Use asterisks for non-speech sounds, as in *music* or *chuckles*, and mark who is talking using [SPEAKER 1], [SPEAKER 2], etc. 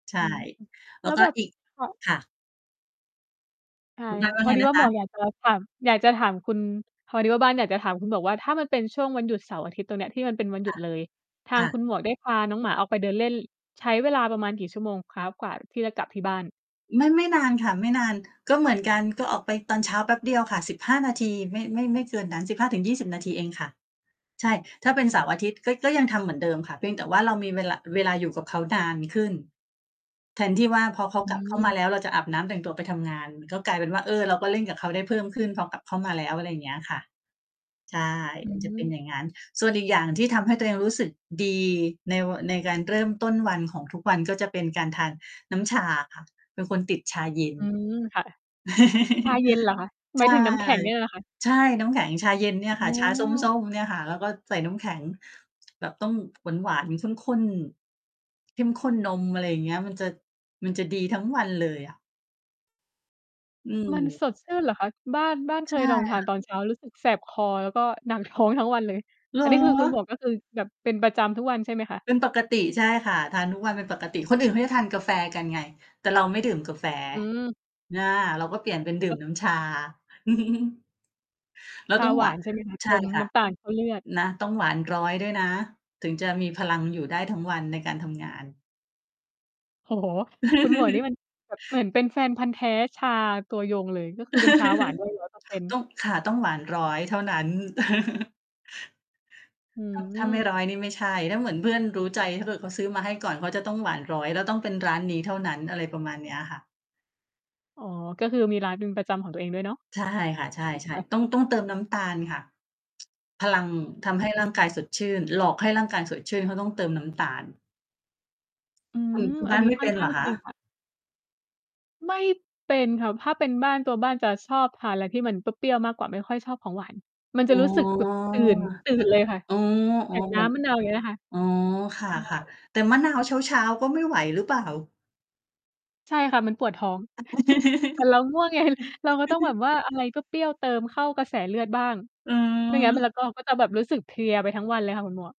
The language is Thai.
[SPEAKER 1] ใช่
[SPEAKER 2] อืม
[SPEAKER 1] แล
[SPEAKER 2] แ
[SPEAKER 1] ้
[SPEAKER 2] ล้
[SPEAKER 1] ว
[SPEAKER 2] ว
[SPEAKER 1] ก็
[SPEAKER 2] แบบ
[SPEAKER 1] อีก
[SPEAKER 2] ค่ะ
[SPEAKER 1] ค่ะ
[SPEAKER 2] ใช่
[SPEAKER 1] คุณ บ
[SPEAKER 2] ค
[SPEAKER 1] ้
[SPEAKER 2] ่
[SPEAKER 1] าน
[SPEAKER 2] ะ
[SPEAKER 1] ว่
[SPEAKER 2] พ
[SPEAKER 1] า
[SPEAKER 2] อ
[SPEAKER 1] ไง
[SPEAKER 2] ดี
[SPEAKER 1] น
[SPEAKER 2] ว่
[SPEAKER 1] ะ
[SPEAKER 2] า
[SPEAKER 1] ค
[SPEAKER 2] หม
[SPEAKER 1] ะ?
[SPEAKER 2] วกอยากจะถาม อยากจะถามคุณ พอดีว่าบ้านอยากจะถามคุณหมวกว่า ถ้ามันเป็นช่วงวันหยุดเสาร์อาทิตย์ตรงเนี้ย ที่มันเป็นวันหย
[SPEAKER 1] ค
[SPEAKER 2] ุ
[SPEAKER 1] ่
[SPEAKER 2] ด
[SPEAKER 1] ะ
[SPEAKER 2] เลย ทา
[SPEAKER 1] ค
[SPEAKER 2] ง
[SPEAKER 1] ่
[SPEAKER 2] ค
[SPEAKER 1] ะ
[SPEAKER 2] ุณหมวกได้พาน้องหมาออกไปเดินเล่น ใช้เวลาประมาณกี่ชั่วโมงคะ กว่าที่จะกลับที่บ้าน?
[SPEAKER 1] ไม่ ไม่นานค่ะ ไม่นาน ก็เหมือนกัน ก็ออกไปตอนเช้าแป๊บเดียวค่ะ 15 นาที ไม่ ไม่ ไม่เกินนั้น 15-20 นาทีเองค่ะ ใช่ ถ้าเป็นเสาร์อาทิตย์ ก็ ก็ยังทำเหมือนเดิมค่ะ เพียงแต่ว่าเรามีเวลา เวลาอยู่กับเขานานขึ้น แทนที่ว่าพอเขา
[SPEAKER 2] อื
[SPEAKER 1] กลับเข้ามา
[SPEAKER 2] ม
[SPEAKER 1] แล้ว เราจะอาบน้ำแต่งตัวไปทำงาน ก็กลายเป็นว่า เออ เราก็เล่นกับเขาได้เพิ่มขึ้น พอกลับเข้ามาแล้ว อะไรอย่างเงี้ยค่ะ ใช่
[SPEAKER 2] อื
[SPEAKER 1] มันจะเป็น
[SPEAKER 2] ม
[SPEAKER 1] อย่างงั้น ส่วนอีกอย่างที่ทำให้ตัวเองรู้สึกดีใน ว ในการ เริ่มต้น วันของทุกวัน ก็จะเป็นการทานน้ำชาค่ะ เป็นคนติดชาเย็น
[SPEAKER 2] อืม ค่ะ ชาเย็นเหรอคะ
[SPEAKER 1] *laughs*
[SPEAKER 2] ห
[SPEAKER 1] ใ
[SPEAKER 2] ม
[SPEAKER 1] ช
[SPEAKER 2] ายถ
[SPEAKER 1] ่
[SPEAKER 2] ึงน้ำแข็งเนี่ยเหรอคะ?
[SPEAKER 1] ใช่ น้ำแข็งชาเย็นเนี่ย
[SPEAKER 2] อ๋
[SPEAKER 1] ค่ะ ชาส
[SPEAKER 2] อ
[SPEAKER 1] ้ม ๆ เนี่ยค่ะ แล้วก็ใส่น้ำแข็ง แบบต้องหวาน ๆ ข้น ๆ เข้มข้นนม อะไรอย่างเงี้ย มันจะ มันจะดีทั้งวันเลยอะ อื
[SPEAKER 2] มัน
[SPEAKER 1] ม
[SPEAKER 2] สดชื่นเหรอคะ? บ้าน บ้านเค
[SPEAKER 1] ใช่
[SPEAKER 2] ยลองท
[SPEAKER 1] ค
[SPEAKER 2] า
[SPEAKER 1] ่
[SPEAKER 2] นต
[SPEAKER 1] ะ
[SPEAKER 2] อนเช้ารู้สึกแสบคอ แล้วก็หนัก ท้อง ทั้งวันเลย
[SPEAKER 1] เหร
[SPEAKER 2] อันนี้คือ คุณห
[SPEAKER 1] อ?
[SPEAKER 2] มวกก็คือแบบเป็นประจำทุกวันใช่ไหมคะ?
[SPEAKER 1] เป็นปกติ ใช่ค่ะ ทานทุกวันเป็นปกติ คนอื่นเขาจะทานกาแฟกันไง แต่เราไม่ดื่มกาแฟ
[SPEAKER 2] อืม
[SPEAKER 1] อา เราก็เปลี่ยนเป็นดื่
[SPEAKER 2] เอ
[SPEAKER 1] ม
[SPEAKER 2] อ
[SPEAKER 1] น้ำชา *chuckles* แล้ว
[SPEAKER 2] ชา
[SPEAKER 1] ต้อง
[SPEAKER 2] หว
[SPEAKER 1] หว
[SPEAKER 2] า
[SPEAKER 1] าน
[SPEAKER 2] นใช่ ไหมคะ?
[SPEAKER 1] ใ
[SPEAKER 2] เ
[SPEAKER 1] ช
[SPEAKER 2] ต
[SPEAKER 1] ่
[SPEAKER 2] ิม
[SPEAKER 1] ค่
[SPEAKER 2] น
[SPEAKER 1] ะ
[SPEAKER 2] ้ำตาลเข้าเลือด
[SPEAKER 1] นะต้องหวาน 100 ด้วยนะ ถึงจะมีพลังอยู่ได้ทั้งวันในการ ทำงาน
[SPEAKER 2] โอ้โฮ คุณหมวก นี่
[SPEAKER 1] *laughs*
[SPEAKER 2] มัน แบบเหมือนเป็นแฟนพันธุ์แท้ชาตัวยงเลย ก็คือเป็นชาหวาน ด้วย หนึ่งร้อยเปอร์เซ็นต
[SPEAKER 1] *laughs*
[SPEAKER 2] ์
[SPEAKER 1] ต้อง ค่ะ ต้องหวาน 100 เท่านั้น *laughs*
[SPEAKER 2] อื
[SPEAKER 1] ถ้า ถ้าไม่
[SPEAKER 2] ม
[SPEAKER 1] 100 นี่ไม่ใช่ ถ้าเหมือนเพื่อนรู้ใจ ถ้าเกิดเขาซื้อมาให้ก่อน เขาจะต้องหวาน 100 แล้วต้องเป็นร้านนี้เท่านั้น อะไรประมาณเนี้ยค่ะ
[SPEAKER 2] อ๋อ ก็คือมีร้านเป็นประจำของตัวเองด้วยเนาะ
[SPEAKER 1] ใช่ ค่ะ ใช่
[SPEAKER 2] ค่ะ
[SPEAKER 1] ๆ ต้อง ต้องเติมน้ำตาลค่ะ พลังทำให้
[SPEAKER 2] อ
[SPEAKER 1] ร่างก
[SPEAKER 2] ืม
[SPEAKER 1] ายสดชื่น หลอกให้ร่างกายสดชื่น เขาต้องเติมน้ำ ตาล
[SPEAKER 2] อื
[SPEAKER 1] คุณ
[SPEAKER 2] ม
[SPEAKER 1] คุณ
[SPEAKER 2] อ
[SPEAKER 1] บ้
[SPEAKER 2] ัน
[SPEAKER 1] าน
[SPEAKER 2] นี้
[SPEAKER 1] ไม่
[SPEAKER 2] ค
[SPEAKER 1] เ
[SPEAKER 2] ่
[SPEAKER 1] ป
[SPEAKER 2] อน
[SPEAKER 1] ็นเ
[SPEAKER 2] ข้
[SPEAKER 1] หร
[SPEAKER 2] า
[SPEAKER 1] อ
[SPEAKER 2] ง
[SPEAKER 1] ค
[SPEAKER 2] จริง
[SPEAKER 1] ะ?
[SPEAKER 2] ค่ะ ไม่เป็นค่ะ ถ้าเป็นบ้าน ตัวบ้านจะชอบทานอะไรที่มันเปรี้ยว ๆ มากกว่า ไม่ค่อยชอบของหวาน มัน
[SPEAKER 1] อ
[SPEAKER 2] จะ
[SPEAKER 1] ๋อ
[SPEAKER 2] รู้สึกแบบตื่น ตื่
[SPEAKER 1] แต่
[SPEAKER 2] นเลย ค่ะ
[SPEAKER 1] อ๋อ
[SPEAKER 2] อย่าง
[SPEAKER 1] ๆ
[SPEAKER 2] น
[SPEAKER 1] เหม
[SPEAKER 2] ้
[SPEAKER 1] ือน
[SPEAKER 2] ำมะนาว อย่างเงี้ยนะคะ
[SPEAKER 1] อ๋อ ค
[SPEAKER 2] ใช
[SPEAKER 1] ่ะ
[SPEAKER 2] ่
[SPEAKER 1] ๆ แต่มะนาวเช้า ๆ ก็ไม่ไหวหรือเปล่า?
[SPEAKER 2] ใช่ค่ะ มันปวดท้อง *chuckles* แต่เราง่วง ไง เราก็ต้องแบบ
[SPEAKER 1] *laughs*
[SPEAKER 2] ว่า อะไรเปรี้ยว ๆ เติมเข้ากระแสเลือดบ้าง
[SPEAKER 1] อ๋อ
[SPEAKER 2] ไม่งั้นมันจะก็ ก็จะแบบรู้สึกเพลียไปทั้งวันเลยค่ะ คุณหมวก